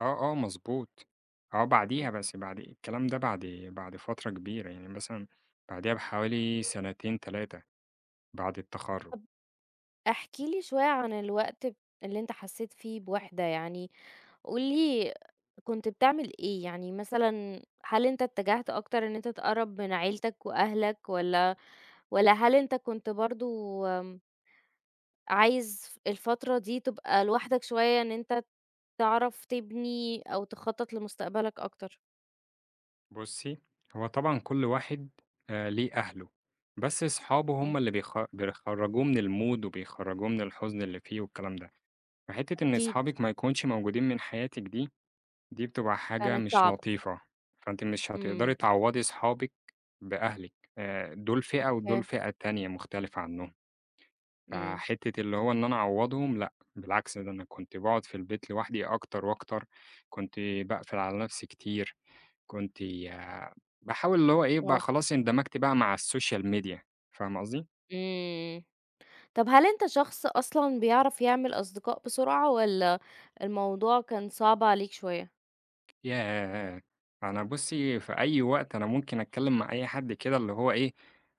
آه، آه، مضبوط آه، بعدِيها إمم. بس بعد إيه الكلام ده بعد بعد فترة كبيرة، يعني مثلًا بعدِيها بحوالي سنتين، 3 بعد التخرُّج. طَب احكِ لي شوية عن الوقت ب اللي أنت حسّيت فيه بوحدة يعني، قُل لي كنت بتعمل إيه، يعني مثلًا هل أنت اتجهت أكتر إن أنت تقرّب من عيلتك وأهلك، والَّا والَّا هل أنت كنت برضه آمم عايز ف الفترة دي تبقى لوحدك شوية إن أنت تعرَف تبنْي أو تخطّط لمستقبلك أكتر؟ بُصّي، هو طبعًا كل واحد آآ، ليه أهله، بس أصحابه هم اهم. اللي بيخ بيخرّجوه من المود وبيخرّجوه من الحزن اللي فيه والكلام ده، فحتّة إن أكيد. أصحابِك ما يكونش موجودين من حياتِك دي، دي بتبقى حاجة كانت مش صعبة. لطيفة، فأنتِ مش هتقدري إمم. تعوّضي أصحابِك بأهلِك، آآ، دُولْ فئة ودُولْ أوكي. فئة تانية مختلفة عنهم. إمم. فحتّة اللي هو إن أنا أعوّضهم، لأ، بالعكس ده أنا كنت باقعد في البيت لوحدي أكتر وأكتر، كنت باقفِل على نفسي كتير، كنت ي باحاول اللي هو إيه، بقى آه. خلاص اندمجْت بقى مع السوشيال ميديا فاهمة قصدي؟ إمم، طَب هل أنت شخص أصلًا بيعرَف يعمل أصدقاء بسرعة، والَّا الموضوع كان صعب عليك شوية؟ ياه! أنا بُصِّي في أي وقت أنا ممكن أتكلّم مع أي حد كده اللي هو إيه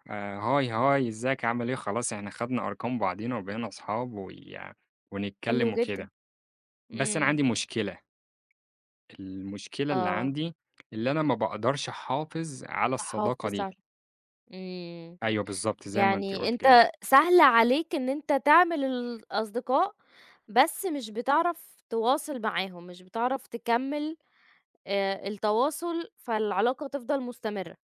"هاي، هاي إزيك، عامل إيه؟" خلاص إحنا خدنا أرقام بعضينا وبقينا أصحاب ويع حلو ونتكلّم جدًا، وكده، بس أنا عندي إمم. مشكلة، المشكلة اللي آه. عندي اللي أنا ما باقدرش أحافظ على الصداقة تحافظ دي. على إمم، أيوه بالضبط، زي ما أنتِ يعني قُلتِ كده. أنت سهل عليك إن أنت تعمل الأصدقاء بس مش بتعرَف تواصِل معاهم، مش بتعرَف تكّمل آآ، التواصل، فالعلاقة تفضَل مستمرة.